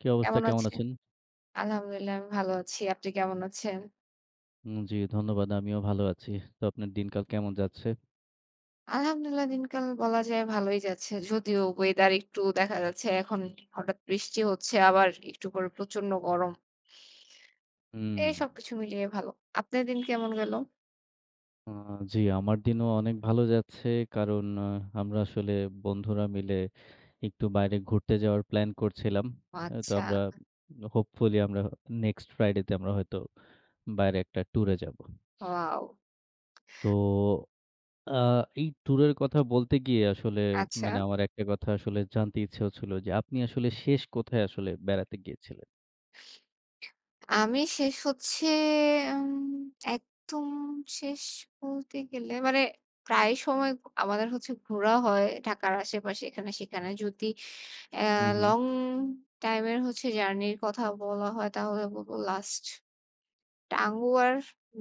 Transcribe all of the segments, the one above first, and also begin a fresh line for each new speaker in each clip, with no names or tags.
কী অবস্থা
কেমন
কেমন
আছে?
আছেন?
আলহামদুলিল্লাহ আমি ভালো আছি। আপনি কেমন আছেন?
উ জ্বি ধন্যবাদ। আমিও ভালো আছি। তো আপনার দিনকাল কেমন যাচ্ছে?
আলহামদুলিল্লাহ দিনকাল বলা যায় ভালোই যাচ্ছে। যদিও ওয়েদার একটু দেখা যাচ্ছে এখন হঠাৎ বৃষ্টি হচ্ছে আবার একটু পরে প্রচন্ড গরম।
হুম।
এই সবকিছু মিলিয়ে ভালো। আপনার দিন কেমন গেল?
আ জ্বি আমার দিনও অনেক ভালো যাচ্ছে। কারণ আমরা আসলে বন্ধুরা মিলে একটু বাইরে ঘুরতে যাওয়ার প্ল্যান করছিলাম।
ও
আ তো
আচ্ছা।
আমরা হোপফুলি আমরা নেক্সট ফ্রাইডে তে আমরা হয়তো বাইরে একটা ট্যুর এ যাবো।
ওয়াও!
তো আ এই ট্যুরের কথা বলতে গিয়ে আসলে
আচ্ছা।
মানে আমার একটা কথা আসলে জানতে ইচ্ছা হচ্ছিল যে আপনি আসলে শেষ কোথায় আসলে বেড়াতে গিয়েছিলেন?
আমি শেষ হচ্ছে আম একদম শেষ বলতে গেলে মানে প্রায় সময় আমাদের হচ্ছে ঘোরা হয় ঢাকার আশেপাশে এখানে সেখানে, যদি এ
হুম, হুম।
লং টাইম এর হচ্ছে জার্নির কথা বলা হয় তাহলে বলবো লাস্ট। টাঙ্গুয়ার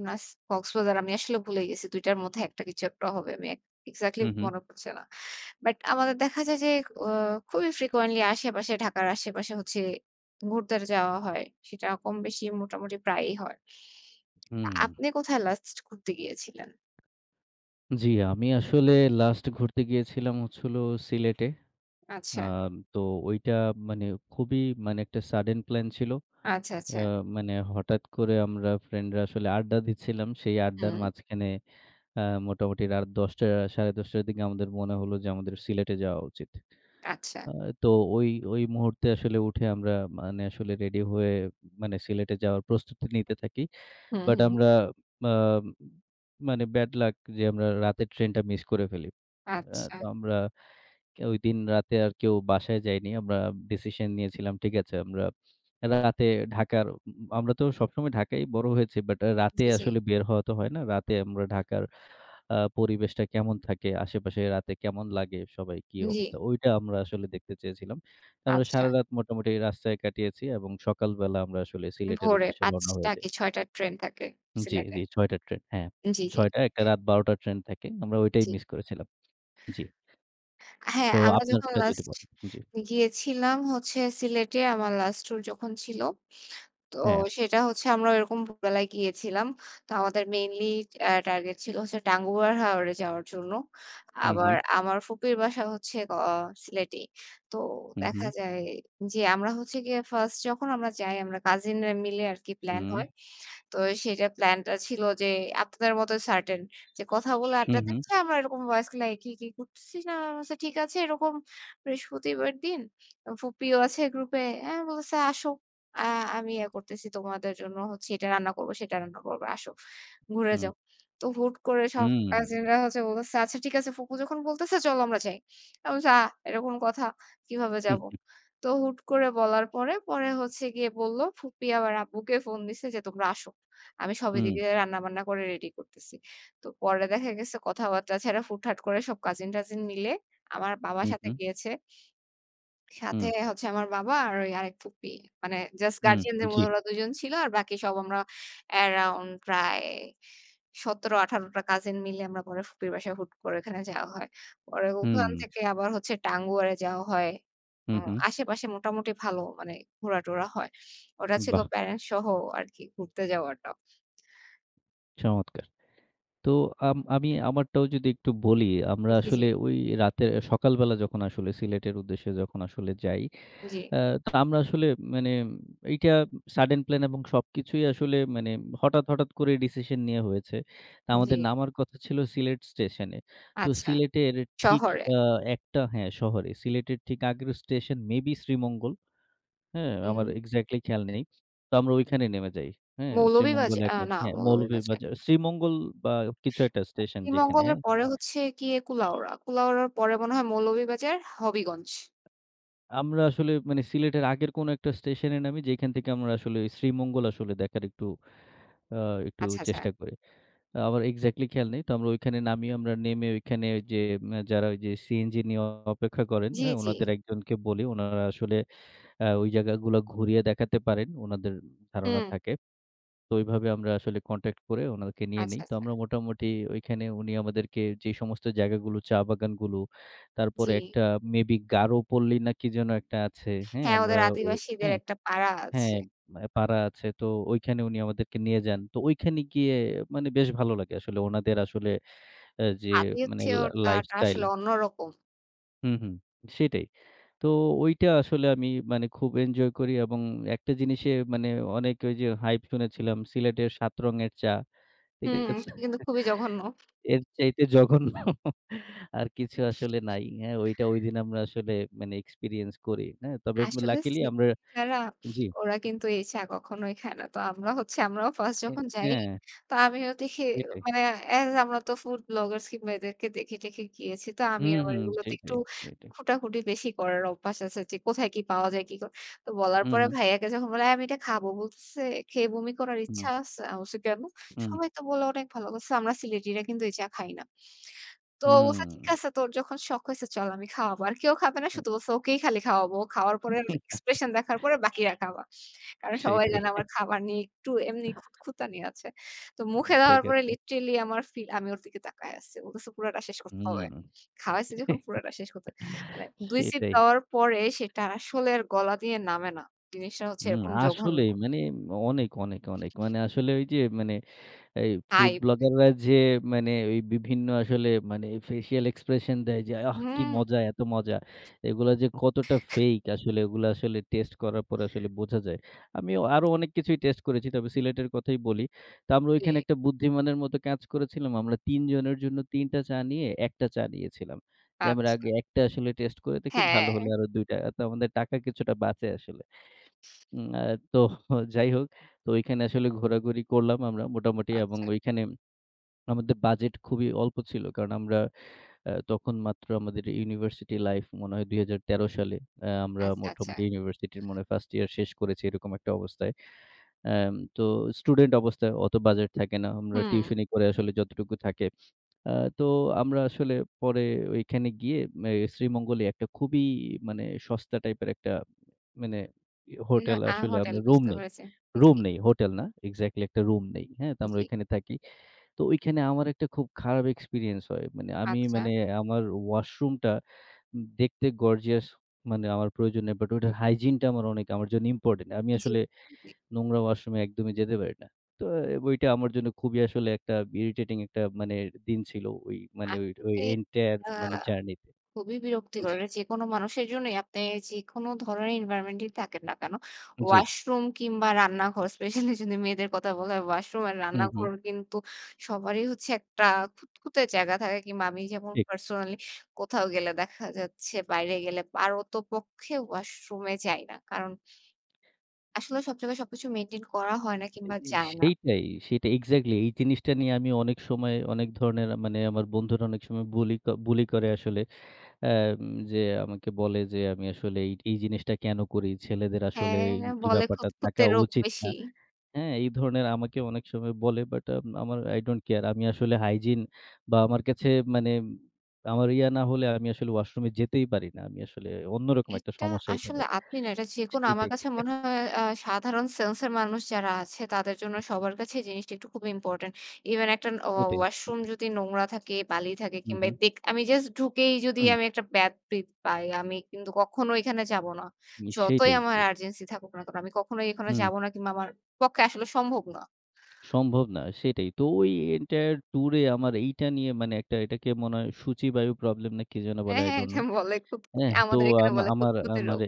লাস্ট কক্সবাজার আমি আসলে ভুলে গেছি। ২ টার মধ্যে এটা কিছু একটা হবে। মেক এক্সাক্টলি
হুম, হুম।
মনে পড়ছে না। বাট আমাদের দেখা যায় যে অ খুবই ফ্রিকোয়েন্টলি আশেপাশে ঢাকার আশেপাশে হচ্ছে ঘুরতে যাওয়া হয়। সেটা কম বেশি মোটামুটি প্রায়ই হয়।
হুম।
আপনে কোথায় লাস্ট ঘুরতে গিয়েছিলেন?
জ্বি আমি আসলে লাস্ট ঘুরতে গিয়েছিলাম হচ্ছিল সিলেটে। আ
আচ্ছা।
তো ঐটা মানে খুবই মানে একটা সাডেন প্ল্যান ছিল।
আচ্ছা,
আ
আচ্ছা।
মানে হঠাৎ করে আমরা ফ্রেন্ডরা আসলে আড্ডা দিচ্ছিলাম। সেই আড্ডার
হুম।
মাঝখানে আ মোটামুটি রাত ১০ঃ০০ ১০ঃ৩০ র দিকে আমাদের মনে হল যে আমাদের সিলেটে যাওয়া উচিত।
আচ্ছা।
আ তো ওই ওই মুহূর্তে আসলে উঠে আমরা মানে আসলে রেডি হয়ে মানে সিলেটে যাওয়ার প্রস্তুতি নিতে থাকি।
হু,
বাট
হু।
আমরা আম মানে ব্যাডলাক যে আমরা রাতের ট্রেনটা মিস করে ফেলি। আ
আচ্ছা।
তো আমরা ক ঐদিন রাতে আর কেউ বাসায় যাইনি। আমরা ডিসিশন নিয়েছিলাম। ঠিক আছে? আমরা রাতে ঢাকার, ম আমরা তো সবসময় ঢাকায়ই বড় হয়েছি। বাট রাতে
জী, জী।
আসলে বের হওয়া তো হয় না। রাতে আমরা ঢাকার আ পরিবেশটা কেমন থাকে, আশেপাশে রাতে কেমন লাগে সবাই কি
জ্বী।
অবস্থা। ঐটা আমরা আসলে দেখতে চেয়েছিলাম। আমরা
আচ্ছা।
সারারাত মোটামুটি রাস্তায় কাটিয়েছি এবং সকালবেলা আমরা আসলে সিলেটের
ভোরে
উদ্দেশ্যে রওনা
৫ঃ০০
হয়ে যাই।
কি ৬ঃ০০ র ট্রেন থাকে
জ্বি,
সিলেটে।
জ্বি ৬ঃ০০ র ট্রেন। হ্যাঁ।
জ্বী, জ্বী।
৬ঃ০০, একটা রাত ১২ঃ০০ র ট্রেন থাকে। আমরা ঐটাই
জ্বি।
মিস করেছিলাম। জ্বি।
হ্যাঁ,
তো
আমরা যখন
আপনারটা যদি
লাস্ট
বলে জ্বী।
গিয়েছিলাম হচ্ছে সিলেটে আমার লাস্ট ট্যুর যখন ছিল। তো
হ্যাঁ।
সেটা হচ্ছে আমরা ঐরকম ভোরবেলায় গিয়েছিলাম। তো আমাদের মেইনলি আ টার্গেট ছিল হচ্ছে টাঙ্গুয়া হাওরে যাওয়ার জন্য।
হু, হু।
আমার ফুপির বাসা হচ্ছে ক আ সিলেটই। তো
হু,
দেখা
হু।
যায় যে আমরা হচ্ছে গিয়ে 1st যখন আমরা যাই আমরা কাজীনরা মিলে আরকি প্ল্যান
হুম।
হয়। তো সেটার প্ল্যানটা ছিল যে আপনাদের মতই সার্টেন যে কথা বলে
হু,
আড্ডা
হু।
দিছে। আমরা এরকম ওয়াজ কি, কি করতেছি না। আমি বলছি ঠিক আছে এরকম বৃহস্পতিবার দিন। অ ফুপিও আছে গ্রুপে। হ্যাঁ, বলছে, "আসো। আ আমি ইয়ে করতেছি তোমাদের জন্য হচ্ছে এটা রান্না করব, সেটা রান্না করব। আসো। ঘুরে
হুম।
যাও।" তো হুট করে সব
হুম।
কাজিনরা হচ্ছে বলতেছে, "আচ্ছা ঠিক আছে। ফুপু যখন বলতেছে চল আমরা যাই।" আমি বলছি, "আ এটা কোনো কথা? কিভাবে
হু,
যাবো?"
হু।
তো হুট করে বলার পরে হচ্ছে গিয়ে বলল, ফুপি আবার আব্বুকে ফোন দিছে যে, "তোমরা আসো। আমি সবই
হুম।
এদিকে রান্না-বান্না করে রেডি করতেছি।" তো পরে দেখা গেছে কথাবার্তা ছাড়া হুট-করে সব কাজীন-টাজীন মিলে আমার বাবার
হু,
সাথে
হু।
গিয়েছে সাথে
হুম।
হচ্ছে আমার বাবা আর ঐ আরেক ফুপি। মানে জাস্ট
হুম
গার্ডিয়ানদের
জ্বি।
মধ্যে ২ জন ছিল। আর বাকি সব আমরা আরাউন্ড প্রায় ১৭-১৮ টা কাজীন মিলে আমরা পরে ফুপির বাসায় হুট করে ওখানে যাওয়া হয়। পরে ওখান
হুম।
থেকে আবার হচ্ছে টাঙ্গুয়ারে যাওয়া হয়।
হু,
আ
হু।
আশেপাশে মোটামুটি ভালো মানে ঘোরা-টোরা হয়। ওটা ছিল
বাহ!
প্যারেন্টস সহ আরকি ঘুরতে যাওয়াটা।
চমৎকার। তো আম আমি আমারটাও যদি একটু বলি আমরা
উ জি, জি।
আসলে ওই রাতে সকালবেলা যখন আসলে সিলেটের উদ্দেশ্যে যখন আসলে যাই।
জ্বী।
আ তো আমরা আসলে মানে এইটা সাডেন প্ল্যান এবং সবকিছুই আসলে মানে হঠাৎ, হঠাৎ করে ডিসিশন নেয়া হয়েছে।
জ্বী।
আমাদের নামার কথা ছিল সিলেট স্টেশনে। তো
আচ্ছা।
সিলেটের ঠিক
শহরে।
আ একটা হ্যাঁ শহরে সিলেটের ঠিক আগের স্টেশন মেবি শ্রীমঙ্গল। হ্যাঁ
হুম।
আমার এক্সাক্টলি খেয়াল নেই। তো আমরা ঐখানেই নেমে যাই। হ্যাঁ
মৌলবী
শ্রীমঙ্গল
বাজে
এক
আ না
হ্যাঁ,
মৌলবী বাজে
মৌলভীবাজার শ্রীমঙ্গল বা কিছু একটা
[unintelligible]
স্টেশন যেখানে
শ্রীমঙ্গলের পরে হচ্ছে গিয়ে কুলাউড়া। কুলাউড়ার পরে মনে হয় মৌলভীবাজার হবিগঞ্জ।
আমরা আসলে মানে সিলেটের আগের কোনো একটা স্টেশন এ নামি যেখান থেকে আমরা আসলে শ্রীমঙ্গল আসলে দেখার একটু আ একটু
আচ্ছা, আচ্ছা।
চেষ্টা করি। আমার এক্সাক্টলি খেয়াল নেই। তো আমরা ঐখানে নামিয়ে আমরা নেমে ওইখানে যে যারা ওইযে সিএনজি নিয়ে অপেক্ষা করেন
জ্বি,
আ
জ্বি।
উনাদের একজনকে বলি উনারা আসলে আ ওই জায়গাগুলা ঘুরিয়ে দেখাতে পারেন। উনাদের ধারণা
হুম।
থাকে। তো ওইভাবে আমরা আসলে কনট্যাক্ট করে ওনাকে নিয়ে
আচ্ছা,
নেই। তো
আচ্ছা।
আমরা মোটামুটি ওইখানে উনি আমাদেরকে যে সমস্ত জায়গাগুলো চা বাগানগুলো তারপরে
জ্বী।
একটা মেবি গারো পল্লী না কি যেন একটা আছে। হ্যাঁ
হ্যাঁ
আমরা
ওদের
ও
আদিবাসীদের
হ্যাঁ,
একটা পাড়া
হ্যাঁ
আছে।
ম পাড়া আছে। তো ঐখানে উনি আমাদেরকে নিয়ে যান। তো ঐখানে গিয়ে মানে বেশ ভালো লাগে আসলে ওনাদের আসলে আ যে মানে লা
আতিথেয়তাটা
লাইফস্টাইল
আসলে অন্যরকম।
হুম, হুম সেটাই। তো, ঐটা আসলে আমি মানে খুব এনজয় করি এবং একটা জিনিসে মানে অনেক ঐ যে হাইপ শুনেছিলাম, সিলেটের ৭ রঙের চা। ঠিক আ
হুম,
আছে?
কিন্তু খুবই জঘন্য।
এর চাইতে জঘন্য। আর কিছু আসলে নাই। অ্যা ঐটা ঐদিন আমরা আসলে মানে এক্সপেরিয়েন্স করি। অ্যা তবে
আসলে
লাকিলি
[unintelligible]
আমরা
ছাড়া
জ্বী।
ওরা কিন্তু এই চা কখনোই খায় না। তো আমরা হচ্ছে আমরাও ফার্স্ট
অ্যা
যখন যাই
অ্যা
তো আমিও দেখি
সেটাই।
মানে এস আমরা তো ফুড ব্লগার্স কিংবা এদেরকে দেখে-টেখে গিয়েছি। তো আমি
উম
আবার
হুম
এগুলোতে একটু
সেটাই, সেটাই।
খুটাখুটি বেশি করার অভ্যাস আছে যে কোথায় কি পাওয়া যায়, কি করা। তো বলার
হু,
পরে
হু।
ভাইয়াকে যখন বলে "এই আমি এটা খাবো" বলতেছে, "খেয়ে বমি করার ইচ্ছা
হুম।
আছে?" আমি বলছি "কেন?
হু, হু।
সবাই তো বললো অনেক ভালো" বলতেছে, "আমরা সিলেটিরা কিন্তু এই চা খাই না।" তো ও বলছে, "ঠিক
হুম।
আছে তোর যখন শখ হইছে চল আমি খাওয়াবো। আর কেউ খাবে না।"
হু।
শুধু বলছে, "ওকেই খালি খাওয়াবো। ও খাওয়ার পরে ওর এক্সপ্রেশন দেখার পরে বাকিরা খাবা।" কারণ সবাই
সেইটাই।
জানে আমার খাবার নিয়ে একটু এমনি খুতখুঁতানি আছে। তো
উম
মুখে দেওয়ার
ঠিক
পরে
আছে।
লিটারেলি আমার ফিল, আমি ওর দিকে তাকায় আসছি। ও বলছে "পুরাটা শেষ করতে হবে।
উম
খাওয়াইছি যখন, পুরাটা শেষ করতে হবে।" মানে ২ সিপ
সেটাই।
দেওয়ার পরে সেটা আসলে আর গলা দিয়ে নামে না। জিনিসটা হচ্ছে
উম
এরকম জঘন্য।
আসলেই মানে অনেক, অনেক, অনেক মানে আসলে ওই যে মানে এই ফুড
হাইপ।
ব্লগাররা যে মানে ওই বিভিন্ন আসলে মানে ফেসিয়াল এক্সপ্রেশন দেয় যে "আহ কি
হুম।
মজা এত মজা।" এগুলা যে কতটা ফেক আসলে এগুলা আসলে টেস্ট করার পর আসলে বোঝা যায়। আমি আরও অনেক কিছুই টেস্ট করেছি। তবে সিলেটের কথাই বলি। তো আমরা ঐখানে
জ্বী।
একটা বুদ্ধিমানের মতো কাজ করেছিলাম। আমরা ৩ জনের জন্য ৩ টা চা নিয়ে ১ টা চা নিয়েছিলাম। যে আমরা
আচ্ছা।
আগে ১ টা আসলে টেস্ট করে দেখি ভালো
হ্যাঁ।
হলে আরো ২ টা। তো আমাদের টাকা কিছুটা বাঁচে আসলে। হুম, তো যাই হোক, তো ঐখানে আসলে ঘোরাঘুরি করলাম আমরা মোটামুটি এবং
আচ্ছা।
ওইখানে আমাদের বাজেট খুবই অল্প ছিল। কারণ আমরা আ তখন মাত্র আমাদের ইউনিভার্সিটি লাইফ মনে হয় ২০১৩ সালে আমরা
আচ্ছা, আচ্ছা।
মোটামুটি ইউনিভার্সিটির মনে হয় ফার্স্ট ইয়ার শেষ করেছি এরকম একটা অবস্থায়। অ্যাম তো স্টুডেন্ট অবস্থায় অত বাজেট থাকে না। আমরা
হুম।
টিউশনি করে আসলে যতটুকু থাকে। অ্যা তো, আমরা আসলে পরে ওইখানে গিয়ে অ্যা শ্রীমঙ্গলই একটা খুবই মানে সস্তা টাইপের একটা মানে ই
না।
হোটেল
আ
আসলে
হোটেল
আমরা রুম
বুঝতে
নেই।
পেরেছি।
রুম
জ্বী।
নেই, হোটেল না। এক্সাক্টলি একটা রুম নেই। হ্যাঁ? তো আমরা
জ্বী।
ঐখানে থাকি। তো ওইখানে আমার একটা খুব খারাপ এক্সপেরিয়েন্স হয়। মানে আমি
আচ্ছা।
মানে আমার ওয়াশরুম টা দেখতে গর্জিয়াস মানে আমার প্রয়োজন নেই। বাট ওইটার হাইজিন টা আমার অনেক আমার জন্য ইম্পোর্টেন্ট। আমি
জ্বী,
আসলে
জ্বী।
নোংরা ওয়াশরুমে একদমই যেতে পারি না। তো অ্যা বইটা আমার জন্য খুবই আসলে একটা ইরিটেটিং একটা মানে দিন ছিল, ওই মানে
আসলে
এনটায়ার
আ
মানে জার্নি তে।
খুবই বিরক্তিকর
জ্বী।
যেকোনো মানুষের জন্যই আপনি যেকোন ধরনের এনভায়রনমেন্ট এ থাকেন না কেনো?
জ্বী।
ওয়াশরুম কিংবা রান্নাঘর স্পেশালই যদি মেয়েদের কথা বলা হয় ওয়াশরুম আর
হু, হু।
রান্নাঘর কিন্তু সবারই হচ্ছে একটা খুঁতখুতে জায়গা থাকে কিংবা আমি যেমন
ঠিক।
পার্সোনালি কোথাও গেলে দেখা যাচ্ছে বাইরে গেলে পারতপক্ষে ওয়াশরুম এ যাই না। কারণ আসলে সব জায়গায় সবকিছু মেইনটেইন করা হয় না, কিংবা
[unintelligible]
যায় না।
সেইটাই সেইটাই এক্সাক্টলি এই জিনিসটা নিয়ে আমি অনেক সময় অনেক ধরনের মানে আমার বন্ধুরা অনেক সময় বুলি বুলি করে আসলে। অ্যা যে আমাকে বলে যে আমি আসলে এ এই জিনিসটা কেন করি? ছেলেদের আসলে
হ্যাঁ, হ্যাঁ
এই
বলে
ব্যাপারটা থাকা
খুঁতখুঁতে রোগ
উচিত
বেশি।
না। হ্যাঁ? এই ধরণ আমাকে অনেক সময় বলে, বাট আম আমার আই ডোন্ট কেয়ার আমি আসলে হাইজিন বা আমার কাছে মানে আমার ইয়া না হলে আমি আসলে ওয়াশরুমে যেতেই পারি না। আমি আসলে অন্যরকম একটা
এটা
সমস্যা এখানে
আসলে আপনি এটা যেকোনো আমার
সেটাই।
কাছে মনে হয় আ সাধারণ সেন্স এর মানুষ যারা আছে তাদের জন্য সবার কাছে জিনিসটা খুবই ইম্পোর্টেন্ট। ইভেন একটা ন ও
সেটাই।
ওয়াশরুম
সেটাই।
যদি নোংরা থাকে, বালি থাকে
হু,
কিংবা
হু।
দেখ আমি জাস্ট ঢুকেই যদি
হুম।
আমি একটা ব্যাড ব্রিথ পাই আমি কিন্তু কখনো এখানে যাবো না।
নিশ্চয়ই
যতই
তাই,
আমার
জ্বী।
আর্জেন্সি থাকুক না, আমি কখনোই এখানে
হুম।
যাব না কিংবা আমার পক্ষে আসলে সম্ভব না।
সম্ভব না। সেটাই। তো ওইটা ইন্টায়ার ট্যুর এ আমার এইটা নিয়ে মানে একটা এটাকে মনে হয় সূচী বায়ু প্রবলেম না কি যেন
অ্যা
বলে, আই
হ্যাঁ
ডন্ট
এটা
নো।
বলে খুঁতখুঁতে।
অ্যাহ তো
আমাদের এখানে
আম
বলে
আমার
খুঁতখুঁতে
আমার
রোগ।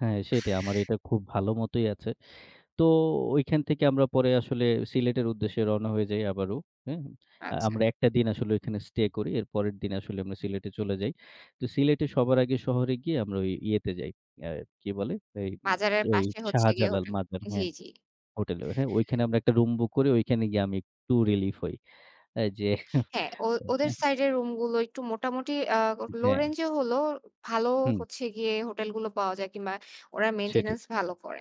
হ্যাঁ, সেটাই আমার এটা খুব ভালো মতোই আছে। তো ঐখান থেকে আমরা পরে আসলে সিলেটের উদ্দেশ্যে রওনা হয়ে যাই আবারও। হুম?
আচ্ছা।
আমরা ১ দিন আসলে ওখানে স্টে করি। এর পরের দিন আসলে আমরা সিলেটে চলে যাই। তো সিলেটে সবার আগে শহরে গিয়ে আমরা ওই ইয়েতে যাই আ কি বলে এই
বাজারের
ওই
পাশে হচ্ছে গিয়ে
শাহজালাল
হোটেল।
মাজার
জ্বী,
হ্যাঁ
জ্বী।
হোটেলে। হ্যাঁ, ঐখানে আমরা একটা রুম বুক করি ঐখানে গিয়ে আমি একটু রিলিফ হই। এই যে
হ্যাঁ, ও ওদের
[unintelligible]
সাইড এর রুম গুলো একটু মোটামুটি আ লো
হ্যাঁ।
রেঞ্জ এ হলেও ভালো
হুম।
হচ্ছে গিয়ে, হোটেল গুলো পাওয়া যায় কিংবা ওরা
সেটাই।
মেইনটেন্যান্স ভালো করে।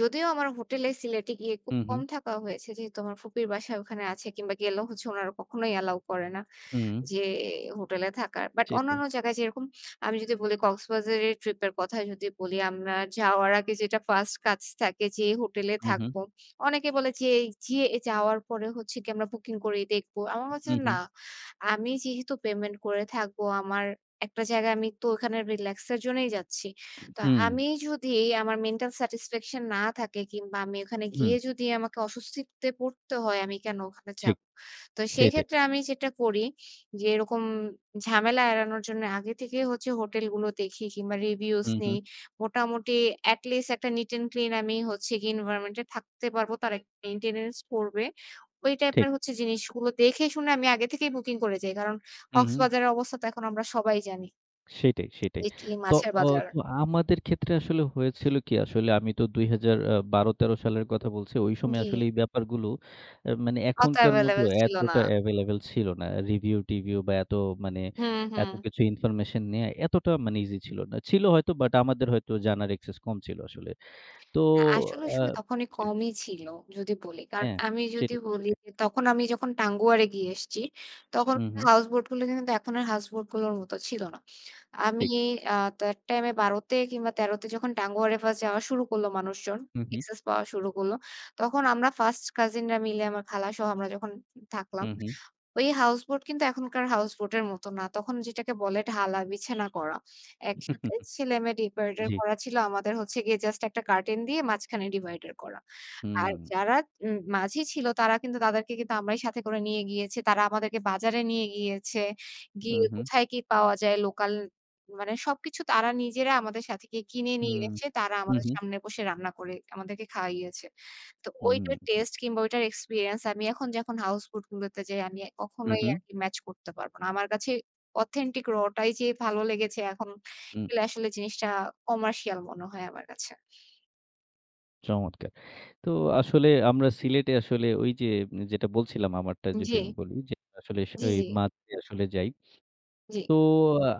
যদিও আমার হোটেলে সিলেটে গিয়ে খুব
হু,
কম
হু।
থাকা হয়েছে। যেহেতু আমার ফুপির বাসা ওখানে আছে কিংবা, গেলে হচ্ছে ওনারা কখনোই অ্যালাও করে না।
হুম।
যে হোটেলে থাকার। বাট
সেটাই।
অন্যান্য জায়গায় যেরকম আমি যদি বলি কক্সবাজারের ট্রিপ এর কথাই যদি বলি, আমরা যাওয়ার আগে যেটা ফার্স্ট কাজ থাকে যে হোটেলে
হু, হু।
থাকব। অনেকে বলে যে যে যাওয়ার পরে হচ্ছে কি আমরা বুকিং করেই দেখবো। আমার মনে
হু,
হচ্ছে
হু।
না। আমি যেহেতু পেমেন্ট করে থাকবো, আমার একটা জায়গায় আমি তো ওখানে রিল্যাক্স এর জন্যই যাচ্ছি। তো
হুম।
আমি যদি, আমার মেন্টাল স্যাটিসফ্যাকশন না থাকে, কিংবা আমি ওখানে
হুম।
গিয়ে যদি আমাকে অস্বস্তিতে পড়তে হয় আমি কেন ওখানে
ঠিক,
যাবো? তো সেই
সেটাই।
ক্ষেত্রে আমি যেটা করি যে এরকম ঝামেলা এড়ানোর জন্য আগে থেকেই হচ্ছে হোটেল গুলো দেখি কিংবা রিভিউজ
হু, হু।
নেই। মোটামুটি অ্যাট লিস্ট একটা নিট অ্যান্ড ক্লিন আমি হচ্ছে এনভায়রনমেন্ট এ থাকতে পারব। তার একটা মেইনটেন্যান্স পড়বে। ওই
ঠিক।
টাইপের হচ্ছে জিনিসগুলো দেখে শুনে আমি আগে থেকেই বুকিং করে যাই। কারণ,
হু, হু।
কক্সবাজারের অবস্থা তো এখন আমরা সবাই জানি।
সেটাই, সেটাই।
এটি
তো
মাছের
ও
বাজার।
তো আমাদের ক্ষেত্রে আসলে হয়েছিল কি আসলে আমি তো ২০১২-১৩ সালের কথা বলছি। ওই সময়
জ্বী।
আসলে এই ব্যাপারগুলো আ মানে
অত
এখনকার মতো
এভেইলেবল ছিল না।
এতটা এভেইলেবল ছিল না। রিভিউ টিভিউ বা এত মানে
হুম,
এত
হুম।
কিছু ইনফরমেশন নেওয়া এতটা মানে ইজি ছিল না। ছিল হয়তো, বাট আমাদের হয়তো জানার অ্যাক্সেস কম ছিল আসলে। তো
আ আসলে
আ
সময় তখনই
জ্বী।
কমই ছিল যদি বলি।
হ্যাঁ,
আমি যদি
সেটাই,
বলি
সেটাই।
যে তখন আমি যখন টাঙ্গুয়ারে গিয়ে এসছি, তখন
হু, হু।
কার হাউস বোট গুলো কিন্তু এখন এর হাউস বোট গুলোর মত ছিল না। আমি
ঠিক।
আ তো অ্যাট টাইম এ ১২-তে কিংবা ১৩-তে যখন টাঙ্গুয়ারে ফার্স্ট যাওয়া শুরু করল মানুষজন।
হু, হু।
এক্সেস পাওয়া শুরু করল। তখন আমরা ফার্স্ট কাজিন রা মিলে আমার খালা সহ আমরা যখন থাকলাম।
হু, হু।
ওই হাউস বোট কিন্তু এখনকার হাউস বোট এর মতো না। তখন যেটাকে বলে ঢালা বিছানা করা। একসাথে ছেলে-মেয়ে ডিভাইডার
জ্বী।
করা ছিল, আমাদের হচ্ছে গিয়ে জাস্ট একটা কার্টেন দিয়ে মাঝখানে ডিভাইডার করা। আর
হুম।
যারা উম মাঝি ছিল, তারা কিন্তু তাদেরকে কিন্তু আমরাই সাথে করে নিয়ে গিয়েছি। তারা আমাদেরকে বাজারে নিয়ে গিয়েছে।
হু,
গিয়ে
হু।
কোথায় কি পাওয়া যায়, লোকাল মানে সবকিছু তারা নিজেরা আমাদের সাথে গিয়ে কিনে
হু।
নিয়ে এসে তারা
হু,
আমাদের
হু।
সামনে বসে রান্না করে আমাদেরকে খাওয়াইয়েছে। তো ঐটার
হুম।
টেস্টে কিংবা ওইটার এক্সপেরিয়েন্স আমি এখন যখন হাউস বোড গুলোতে যাই আমি
হু,
কখনোই আর
হু।
ম্যাচ করতে পারবো না। আমার কাছে অথেন্টিক raw টাই যে ভালো লেগেছে এখন
হু।
আসলে জিনিসটা কমার্শিয়াল মনে হয় আমার কাছে।
চমৎকার! তো আসলে আমরা সিলেটে আসলে ওইযে যেটা বলছিলাম আমারটা যদি আমি
জি।
বলি যে আসলে স
জ্বি,
ওই
জ্বি।
মাঝে আসলে যাই।
জ্বী।
তো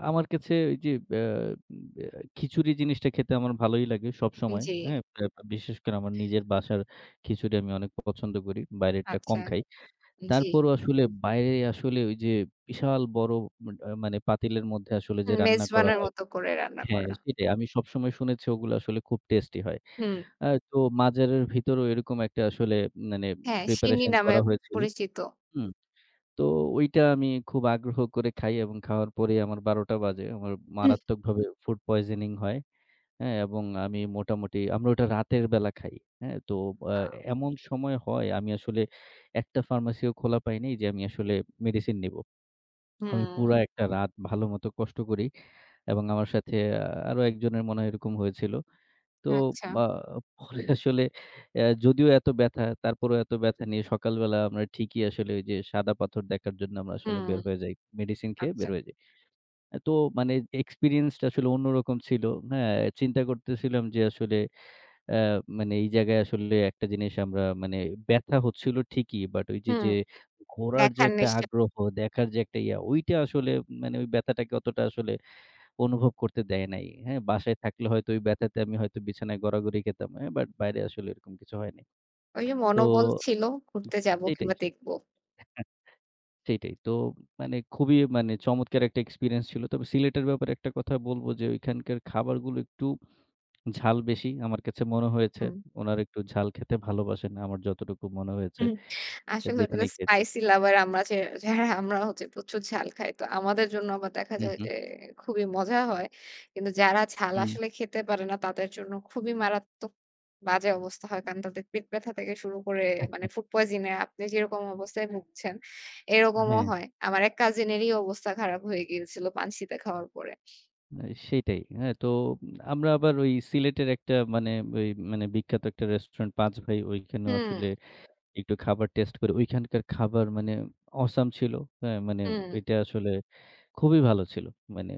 আমার কাছে ওই যে আ আ খিচুড়ি জিনিসটা খেতে আমার ভালোই লাগে সবসময়,
জ্বী।
হ্যাঁ? বে বিশেষ করে আমার নিজের বাসার খিচুড়ি আমি অনেক পছন্দ করি। বাইরেরটা কম
আচ্ছা,
খাই।
জ্বি।
তারপরও আসলে বাইরে আসলে ওই যে বিশাল বড় মানে পাতিলের মধ্যে আসলে যে
উম
রান্না করা
মেজবানের
হয়।
মতো করে রান্না
হ্যাঁ,
করা।
সেটাই আমি সবসময় শুনেছি ওগুলো আসলে খুব টেস্টি হয়।
হুম।
আ তো মাঝের ভিতরেও এরকম একটা আসলে মানে
হ্যাঁ, সিন্নি
প্রিপারেশন
নামে
করা হয়েছিল।
পরিচিত।
হুম, তো ঐটা আমি খুব আগ্রহ করে খাই এবং খাওয়ার পরেই আমার ১২ টা বাজে। আমার
হুম।
মারাত্মকভাবে ফুড পয়জনিং হয়, হ্যাঁ? এবং আমি মোটামুটি আমরা ওটা রাতের বেলা খাই, হ্যাঁ? তো আ
আ
এমন সময় হয় আমি আসলে একটা ফার্মেসিও খোলা পাই নাই যে আমি আসলে মেডিসিন নিবো। আমি
হুম।
পুরা একটা রাত ভালোমতো কষ্ট করি। এবং আমার সাথে আরো একজনের মনে হয় এরকম হয়েছিল। তো
আচ্ছা।
বা পরে আসলে এ যদিও এত ব্যাথা, তারপরেও এত ব্যাথা নিয়ে সকালবেলা আমরা ঠিকই আসলে ওই যে সাদা পাথর দেখার জন্য আমরা আসলে
হুম।
বের হয়ে যাই। মেডিসিন খেয়ে
আচ্ছা।
বের হয়ে যাই। আ তো মানে এক্সপেরিয়েন্স টা আসলে অন্যরকম ছিল, হ্যাঁ? চিন্তা করতেছিলাম যে আসলে এ মানে এই জায়গায় আসলে একটা জিনিস আমরা মানে ব্যাথা হচ্ছিল ঠিকই। বাট ওই যে,
হুম,
যে ঘোরার যে
দেখার
একটা
নেশা।
আগ্রহ, দেখার যে একটা ইয়া ঐটা আসলে মানে ওই ব্যাথাটাকে অতটা আসলে অনুভব করতে দেয় নাই, হ্যাঁ? বাসায় থাকলে হয়তো ওই ব্যাথাতে আমি হয়তো বিছানায় গড়াগড়ি খেতাম, হ্যাঁ? বাট বাইরে আসলে এরকম কিছু হয় নাই।
ওই যে
তো
মনোবল ছিল ঘুরতে যাবো
এইটাই
কিংবা দেখবো।
সেইটাই। তো মানে খুবই মানে চমৎকার একটা এক্সপেরিয়েন্স ছিল। তবে সিলেটের ব্যাপারে একটা কথা বলবো যে ঐখানকার খাবারগুলো একটু ঝাল বেশি। আমার কাছে মনে হয়েছে।
হুম।
উনারা একটু ঝাল খেতে ভালোবাসেন। আমার যতটুকু মনে হয়েছে
হুম, আসলে ওটাতে
যেখানেই খেয়েছি।
স্পাইসি লাভার আমরা যে যারা আমরা হচ্ছে প্রচুর ঝাল খাই। তো আমাদের জন্য আবার দেখা
হু,
যায়
হু।
যে খুবই মজা হয়। কিন্তু যারা ঝাল
হু।
আসলে খেতে পারে না তাদের জন্য খুবই মারাত্মক বাজে অবস্থা হয়। কারণ তাদের পেট ব্যথা থেকে শুরু করে মানে ফুড পয়জন এ আপনি যেরকম অবস্থায় ভুগছেন এরকমও
হ্যাঁ।
হয়। আমার এক কাজিন এরই অবস্থা খারাপ হয়ে গিয়েছিল পানসিতে খাওয়ার পরে।
আ সেটাই। হ্যাঁ? তো আমরা আবার ওই সিলেটের একটা মানে ওই মানে বিখ্যাত একটা রেস্টুরেন্ট 'পাঁচ ভাই' ঐখানেও
হুম।
আসলে একটু খাবার টেস্ট করে ঐখানকার খাবার মানে awesome ছিল, হ্যাঁ? মানে
হুম।
ওইটা আসলে খুবই ভালো ছিল। মানে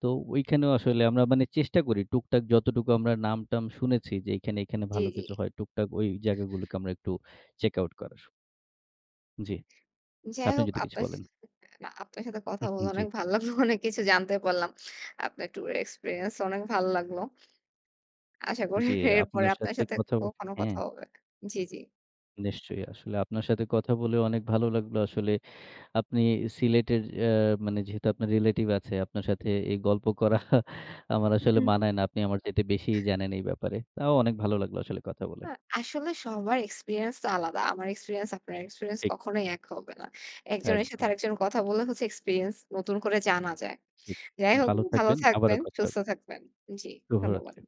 তো ঐখানেও আসলে আমরা মানে চেষ্টা করি টুকটাক যতটুকু আমরা নাম টাম শুনেছি যে এখানে, এখানে
জ্বী,
ভালো
জ্বী।
কিছু হয়। টুকটাক ওই জায়গাগুলোকে আমরা একটু চেক আউট করার। জ্বি।
যাই
আপনি
হোক,
যদি কিছু
আপনার
বলেন।
আপনার স না, সাথে কথা
হু, হু।
বলে
জ্বী।
অনেক ভালো লাগলো। অনেক কিছু জানতে পারলাম। আপনার টুর এর এক্সপেরিয়েন্স অনেক ভালো লাগলো। আশা করি
জ্বী,
এরপরে
আপনার
আপনার
সাথে
সাথে
কথা
কখনো
হ্যাঁ।
কথা হবে। জ্বি, জ্বি।
নিশ্চয়ই আসলে আপনার সাথে কথা বলেও অনেক ভালো লাগলো। আসলে আপনি সিলেটের এ মানে যেহেতু আপনার রিলেটিভ আছে আপনার সাথে এই গল্প করা আমার আসলে
হুম।
মানায় না। আপনি আমার চাইতে বেশি জানেন এই ব্যাপারে। তাও অনেক ভালো লাগলো আসলে কথা বলে।
আ আসলে সবার এক্সপেরিয়েন্স তো আলাদা। আমার এক্সপেরিয়েন্স আপনার এক্সপেরিয়েন্স
ঠিক।
কখনোই এক হবে না। একজনের সাথে
একদম।
আরেকজন কথা বললে হচ্ছে এক্সপেরিয়েন্স নতুন করে জানা যায়।
জি,
যাই হোক,
ভালো
ভালো
থাকবেন। আবারও
থাকবেন,
কথা
সুস্থ
হবে।
থাকবেন। জি,
শুভরাত্রি।
ধন্যবাদ।